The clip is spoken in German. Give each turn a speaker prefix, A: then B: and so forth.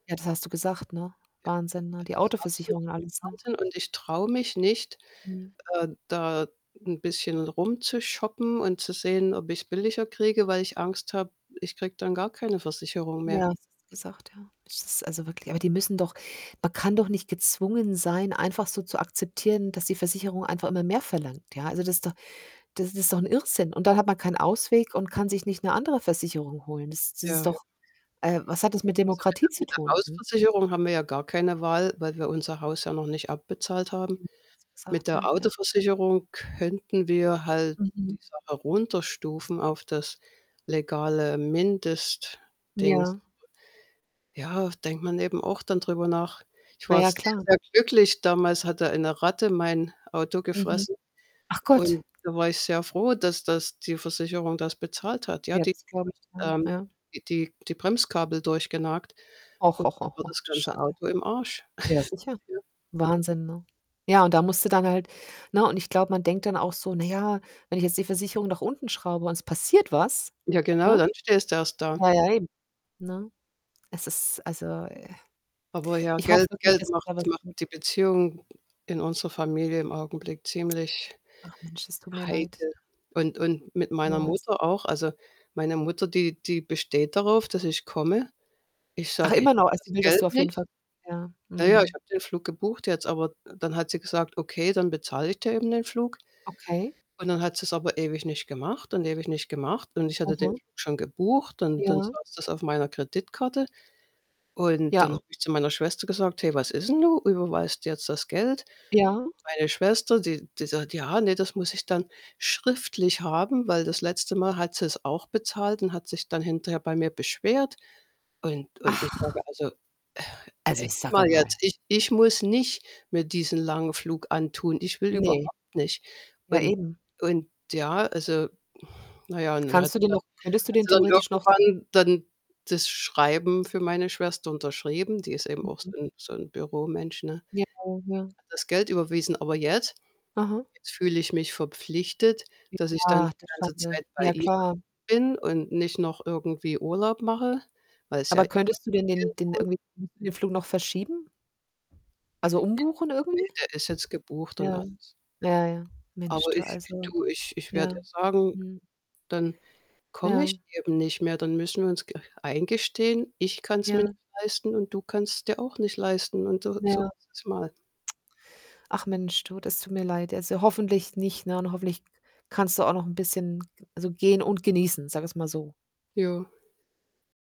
A: Ja, das hast du gesagt, ne?
B: Ja,
A: Wahnsinn, ne? Die
B: es ist absolut
A: Autoversicherung und alles, ne?
B: Wahnsinn und ich traue mich nicht,
A: Mhm.
B: ähm, da 'n bisschen rumzushoppen und zu sehen, ob ich's billiger kriege, weil ich Angst habe, ich kriege dann gar keine Versicherung mehr.
A: Ja, das hast du gesagt, ja. Es ist, also, wirklich aber die müssen doch man kann doch nicht gezwungen sein, einfach so zu akzeptieren, dass die Versicherung einfach immer mehr verlangt, ja? Also, das ist doch das ist doch 'n Irrsinn. Und dann hat man keinen Ausweg und kann sich nicht 'ne andere Versicherung holen. Das das
B: Ja,
A: ist
B: ja.
A: doch äh, was hat das mit Demokratie
B: [unintelligible]
A: zu
B: mit der
A: tun? Mhm.
B: Hausversicherung, haben wir ja gar keine Wahl, weil wir unser Haus ja noch nicht abbezahlt
A: [unintelligible] das hast du
B: haben. Mit
A: gesagt,
B: der
A: ja, ja.
B: Autoversicherung könnten wir halt die
A: Mhm.
B: Sache runterstufen auf das legale Mindestdings.
A: Ja.
B: [unintelligible] Ja, denkt man eben auch dann drüber nach. Ich
A: Na
B: war
A: ja,
B: sehr,
A: klar.
B: sehr glücklich, damals hatte eine Ratte mein Auto
A: Mhm.
B: gefressen.
A: Ach Gott.
B: Und da war ich sehr froh, dass das die Versicherung das bezahlt hat, ja.
A: Ja,
B: Die,
A: das glaube ich, ja,
B: ähm,
A: ja.
B: die die Bremskabel durchgenagt
A: Och,
B: und
A: oh,
B: da war
A: oh,
B: das
A: du
B: ganze
A: Schande.
B: Auto im Arsch.
A: Ja, sicher.
B: Ja.
A: Wahnsinn, ne? Ja, und da musste dann halt ne? Und ich glaube, man denkt dann auch so: „Na ja, wenn ich jetzt die Versicherung nach unten schraube und es passiert was“,
B: Ja genau,
A: ne?
B: dann stehst du erst da.
A: Ja, ja, eben. Ne? Es ist, also, äh
B: Aber ja,
A: ich hoffe
B: Geld
A: wirklich,
B: Geld
A: dass sich
B: macht
A: da was
B: macht
A: tut.
B: die Beziehung in unserer Familie im Augenblick ziemlich
A: Ach Mensch, das tut mir leid.
B: heikel. Und Und mit meiner
A: [unintelligible]
B: Mutter auch. Also, meine Mutter, die die besteht darauf, dass ich komme. Ich
A: Ach,
B: sage:
A: immer
B: „Ich
A: noch,
B: habe
A: also,
B: das
A: sie will, dass
B: Geld
A: du auf jeden Fall
B: nicht.“
A: ja,
B: Na ja, ich
A: mhm.
B: habe den Flug gebucht jetzt, aber dann hat sie gesagt: „Okay, dann bezahle ich dir eben den Flug.“
A: Okay.
B: Und dann hat sie's aber ewig nicht gemacht und ewig nicht gemacht. Und ich hatte den
A: Mhm.
B: Flug schon gebucht und dann
A: Ja.
B: saß das auf meiner Kreditkarte. Und
A: Ja,
B: dann habe
A: o
B: ich zu meiner Schwester gesagt: „Hey, was ist denn nun? Überweist du jetzt das Geld?“
A: Ja.
B: Meine Schwester, die die sagt: „Ja, ne, das muss ich dann schriftlich haben.“ Weil das letzte Mal hat sie's auch bezahlt und hat sich dann hinterher bei mir beschwert. Und Und ich sage:
A: Ach.
B: „Also,
A: Also,
B: echt
A: sage
B: mal jetzt,
A: mal.
B: ich ich muss nicht mir diesen langen Flug antun. Ich will
A: Ne,
B: überhaupt nicht.“
A: ja
B: Und
A: eben.
B: Und ja, also na ja, und dann hat
A: Kannst du
B: sie
A: den noch könntest du
B: hat
A: den
B: sie dann hat
A: theoretisch
B: sie
A: noch
B: dann irgendwann dann das Schreiben für meine Schwester unterschrieben. Die ist eben auch
A: Mhm.
B: so 'n so 'n Büromensch, ne?
A: Ja, ja.
B: Hat das Geld überwiesen. Aber jetzt,
A: Aha.
B: jetzt fühle ich mich verpflichtet, dass ich dann
A: Ach, du
B: die ganze
A: Schande.
B: Zeit bei
A: Ja,
B: ihr
A: klar.
B: bin und nicht noch irgendwie Urlaub mache, weil's ja.
A: Aber könntest du denn den den
B: [unintelligible]
A: irgendwie den Flug noch verschieben? Also,
B: [unintelligible]
A: umbuchen
B: Ne,
A: irgendwie?
B: der ist jetzt gebucht und
A: Ja,
B: alles.
A: ja, ja, Mensch
B: Aber
A: du
B: ich
A: also,
B: du, ich ich
A: ja.
B: werde ihr sagen:
A: Mhm.
B: „Dann komme ich
A: Ja.
B: eben nicht mehr, dann müssen wir uns eingestehen: „Ich kann's mir nicht
A: Ja.
B: leisten und du kannst es dir auch nicht leisten.“ Und so so
A: Ja.
B: [unintelligible] mal.
A: Ach Mensch, du, das tut mir leid jetzt. Also, hoffentlich nicht, ne? Und hoffentlich k kannst du auch noch 'n bisschen [unintelligible] also, gehen und genießen, sagen wir's mal so.
B: Ja.